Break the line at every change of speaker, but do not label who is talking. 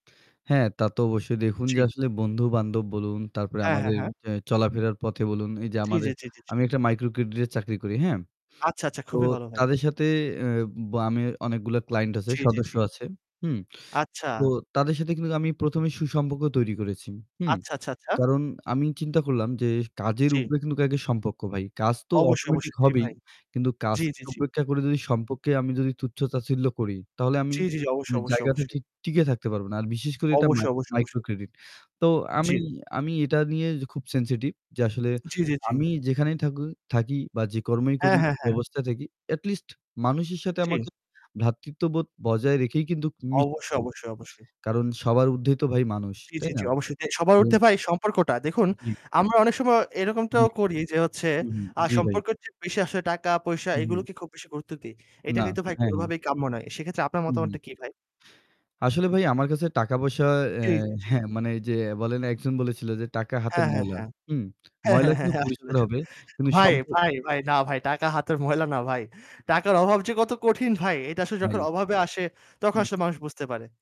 হ্যাঁ, তা তো অবশ্যই দেখুন যে
জি।
আসলে বন্ধু-বান্ধব বলুন তারপরে
হ্যাঁ, হ্যাঁ,
আমাদের
হ্যাঁ।
এ চলাফেরার পথে বলুন এই যে
জি, জি,
আমাদের
জি, জি,
আমি
জি।
একটা মাইক্রোক্রেডিটে চাকরি করি, হ্যাঁ?
আচ্ছা, আচ্ছা,
তো
খুবই ভালো ভাই।
তাদের সাথে অ্যাঁ ব আমি অনেকগুলো ক্লায়েন্ট আছে,
জি, জি,
সদস্য
জি।
আছে, হুম?
আচ্ছা।
তো তাদের সাথে কিন্তু আমি প্রথমে সুসম্পর্ক তৈরি করেছি, হুম?
আচ্ছা, আচ্ছা, আচ্ছা।
কারণ আমি চিন্তা করলাম যে কাজের
জি।
উপরে কিন্তু আগে সম্পর্ক ভাই। কাজ তো
অবশ্যই,
automatic
অবশ্যই। জি
হবেই
ভাই।
কিন্তু
জি,
কাজকে
জি, জি।
উপেক্ষা করে যদি সম্পর্কে আমি যদি তুচ্ছ-তাচ্ছিল্য করি তাহলে আমি
জি, জি,
এ
অবশ্যই, অবশ্যই,
জায়গাতে
অবশ্যই।
ঠিক টিকে থাকতে পারব না। আর বিশেষ করে এটা
অবশ্যই, অবশ্যই, অবশ্যই।
মাই-মাইক্রোক্রেডিট। তো
জি।
আমি, আমি এটা নিয়ে খুব sensitive যে আসলে
জি, জি, জি।
আমি যেখানেই থাকু থাকি বা যে কর্মই করি,
হ্যাঁ, হ্যাঁ, হ্যাঁ।
ব্যবস্থাই থাকি at least মানুষের সাথে
জি।
আমাকে ভ্রাতৃত্ববোধ বজায় রেখেই কিন্তু
অবশ্যই,
মিশবো।
অবশ্যই, অবশ্যই।
কারণ সবার ঊর্ধ্বে তো ভাই মানুষ,
জি,
তাই
জি,
না?
জি, অবশ্যই। সবার ঊর্ধ্বে ভাই এই সম্পর্কটা। দেখুন,
জি।
আমরা অনেক সময়
জি।
এরকমটাও করি যে হচ্ছে,
হুম।
আ
জি ভাই।
সম্পর্কের চেয়ে বেশি আসলে টাকা পয়সা
হু, হুম।
এগুলোকে খুব বেশি গুরুত্ব দিই। এটা
না।
কিন্তু ভাই
হ্যাঁ, হ্যাঁ।
কোনভাবেই কাম্য নয়। সেক্ষেত্রে আপনার
হু, হুম।
মতামতটা কি ভাই?
আসলে ভাই আমার কাছে টাকা-পয়সা
জি,
অ্যাঁ
জি, জি।
হ্যাঁ, মানে এই যে বলেন না একজন বলেছিল যে টাকা হাতের
হ্যাঁ, হ্যাঁ,
ময়লা,
হ্যাঁ।
হুম?
হ্যাঁ,
ময়লা
হ্যাঁ, হ্যাঁ,
কিন্তু
হ্যাঁ। আসলে,
পরিষ্কার
আসলে।
হবে কিন্তু
ভাই,
সম্পর্ক
ভাই, ভাই। না ভাই, টাকা হাতের ময়লা না ভাই। টাকার অভাব যে কত কঠিন ভাই এটা আসলে
ভাই
যখন অভাবে আসে তখন
হুম।
আসলে মানুষ বুঝতে পারে।